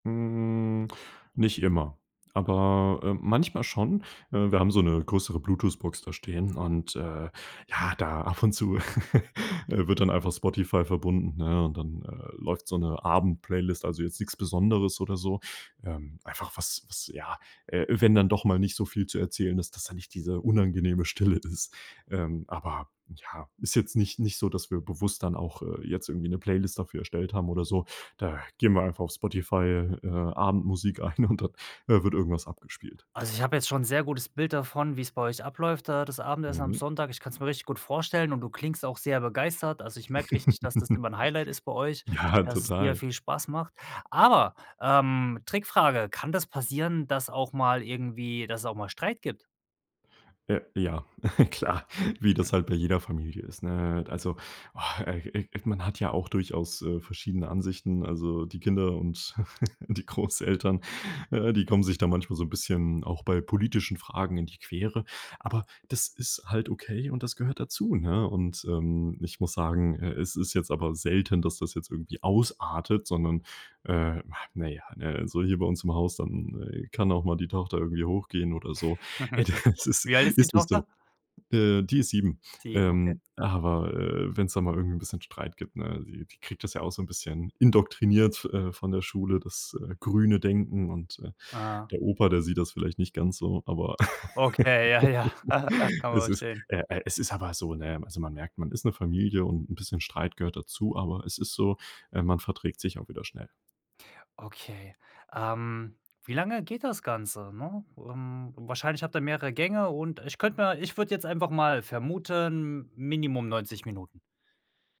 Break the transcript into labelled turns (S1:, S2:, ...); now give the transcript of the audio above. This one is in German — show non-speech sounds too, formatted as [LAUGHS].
S1: Hm, nicht immer, aber, ähm, manchmal schon. Äh, wir haben so 'ne größere Bluetooth-Box da stehen und, äh, ja, da ab und zu, [CHUCKLES] äh, wird dann einfach Spotify verbunden, ne und dann, äh, läuft so 'ne Abend-Playlist, also, jetzt nix Besonderes oder so, ähm, einfach was was ja, äh, wenn dann doch mal nicht so viel zu erzählen ist, dass da nicht diese unangenehme Stille ist. Ähm, aber ja, ist jetzt nicht nicht so, dass wir bewusst dann auch, äh, jetzt irgendwie 'ne Playlist dafür erstellt haben oder so, da geben wir einfach auf Spotify, äh, Abendmusik ein und dann, äh, wird irgendwas abgespielt.
S2: Also, ich habe jetzt schon 'n sehr gutes Bild davon, wie's bei euch abläuft da das Abendessen am
S1: Mhm.
S2: Sonntag. Ich kann's mir richtig gut vorstellen und du klingst auch sehr begeistert. Also, ich merke richtig, dass das immer
S1: [CHUCKLES]
S2: 'n Highlight ist bei euch
S1: Ja,
S2: und dass es dir
S1: total.
S2: viel Spaß macht. Aber, ähm, Trickfrage: Kann das passieren, dass auch mal irgendwie dass es auch mal Streit gibt?
S1: Äh, ja, [CHUCKLES] klar, wie das
S2: [SNORTS]
S1: halt bei jeder Familie ist, ne? Also, ah, äh, äh, äh, man hat ja auch durchaus, äh, verschiedene Ansichten, also die Kinder und [CHUCKLES] die Großeltern, äh, die kommen sich da manchmal so 'n bisschen auch bei politischen Fragen in die Quere, aber das ist halt okay und das gehört dazu, ne, und, ähm, ich muss sagen, äh, es ist jetzt aber selten, dass das jetzt irgendwie ausartet, sondern, äh, na ja, ne? Also, hier bei uns im Haus, dann kann auch mal die Tochter irgendwie hochgehen oder so: „Ey,
S2: [CHUCKLES]
S1: das ist
S2: Wie alt ist die
S1: ist nicht so.”
S2: Tochter?
S1: Äh, die ist 7,
S2: 7, okay.
S1: ähm, aber, äh, wenn's da mal irgend 'n bisschen Streit gibt ne, die die kriegt das ja auch so 'n bisschen indoktriniert, äh, von der Schule, das, äh, grüne Denken und, äh,
S2: Ah.
S1: der Opa, der sieht das vielleicht nicht ganz so, aber
S2: Okay, ja, ja,
S1: [LAUGHS]
S2: [CHUCKLES] kann man
S1: es ist,
S2: verstehen.
S1: äh äh, es ist aber so, ne, also, man merkt, man ist 'ne Familie und 'n bisschen Streit gehört dazu, aber es ist so, ähm, man verträgt sich auch wieder schnell.
S2: Okay. Ähm, wie lange geht das Ganze? Ne, ähm, wahrscheinlich habt ihr mehrere Gänge und ich könnte mir ich würde jetzt einfach mal vermuten, m minimum 90 Minuten.